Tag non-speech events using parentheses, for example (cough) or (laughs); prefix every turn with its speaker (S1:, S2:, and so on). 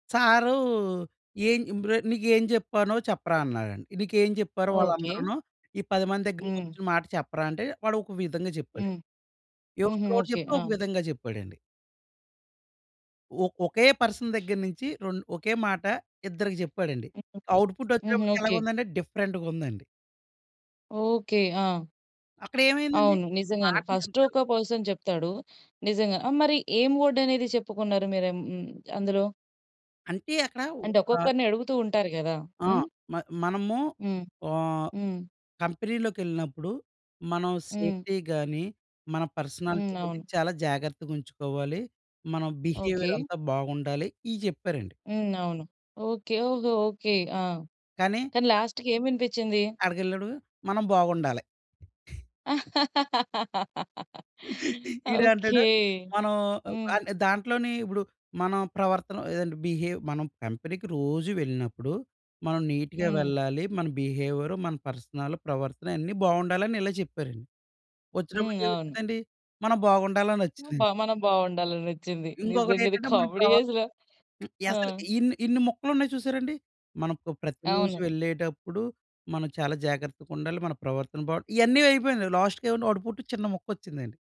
S1: Sir ఏన్ ఇంబ్ర్ "నీకేం జెప్పానో చెప్పరా అన్నారండి. నీకేం జెప్పారో
S2: ఓకే.
S1: వాళ్ళందరును ఈ 10 మంది
S2: హ్మ్.
S1: దగ్గరకొచ్చిన మాట చెప్పరా" అంటే, వాడొక విధంగా చెప్పాడన్
S2: హ్మ్. హుహు.
S1: ఇవతలోడు
S2: ఓకే.
S1: జెప్తే
S2: ఆ!
S1: ఒక విధంగా జెప్పాడండి. ఒక్ ఒకే పర్సన్ దగ్గర నించి రొన్ ఒకే మాట ఇద్దరికి చెప్పాడండి.
S2: హుహు. హుహు.
S1: అవుట్‌పుట్టొచ్చేటప్పటికి
S2: ఓకే.
S1: ఎలాగుందంటే, డిఫరెంట్‌గుందండి.
S2: ఓకే. ఆ!
S1: అక్కడేమైందండి.
S2: అవును. నిజంగానే.
S1: మాట నీ
S2: ఫస్టు
S1: యెనకాల
S2: ఒక పర్సన్ చెప్తాడు. నిజంగా. ఆహ్, మరి ఏం ఓర్డనేది చెప్పుకున్నారు మీరెం హ్మ్, అందులో?
S1: అంటే, అక్కడ
S2: అంటే,
S1: ఒకా
S2: ఒక్కొక్కరిని అడుగుతూ ఉంటారు గదా!
S1: ఆ!
S2: హ్మ్?
S1: మ మనము
S2: హ్మ్.
S1: ఆహ్,
S2: హ్మ్.
S1: కంపెనీలోకెళ్ళినప్పుడు, మనం
S2: హ్మ్.
S1: సేఫ్టీ గానీ, మన పర్సనాలిటీ
S2: హ్మ్.
S1: గానీ
S2: అవును.
S1: చాలా జాగర్తగుంచుకోవాలి. మన
S2: ఓకే.
S1: బిహేవియరంతా బాగుండాలి. ఇయి చెప్పారండి.
S2: హ్మ్. అవును. ఓకే. ఓహో! ఓకే. ఆ!
S1: కానీ
S2: కానీ, లాస్ట్‌కేమి వినిపిచ్చింది?
S1: ఆడకెళ్ళాడు. మనం బావుండాలి.
S2: (laughs)
S1: (laughs) ఈడంటడు,
S2: ఓకే.
S1: మనం ఆహ్,
S2: హ్మ్.
S1: అంటే, దాంట్లోనే ఇప్పుడు మనా ప్రవర్తన ఏదంటే బిహేవ్ మనం కంపెనీకి రోజు వెళ్ళినప్పుడు, మనం నీట్‌గా
S2: హ్మ్.
S1: వెళ్ళాలి. మన బిహేవియరు, మన పర్సనల్ ప్రవర్తన అన్నీ బావుండాలని ఇలా చెప్పారండి.
S2: హ్మ్. అవును.
S1: ఒచ్చినప్పుడికేమొచ్చిదండి మనం
S2: బ
S1: బాగుండాలనొచ్చిందండి.
S2: మనం బావుండాలనొచ్చింది. నిజంగిది
S1: ఇంకొకటేటంటే మన
S2: కామెడీ
S1: ప్రవ
S2: అసల.
S1: హ్మ్.
S2: ఆ!
S1: అసలు ఇన్ని, ఇన్ని మొక్కలున్నాయి చూశారండి? మనకు ప్రతి రోజు
S2: అవును.
S1: వెళ్ళేటప్పుడు మనం చాలా జాగ్రత్తగుండాలి. మన ప్రవర్తన బావ్ ఇయన్నీ అయిపోయినియి. లాస్టుకేమన్నా వాడు పొట్టు చిన్న మొక్కొచ్చిందండి.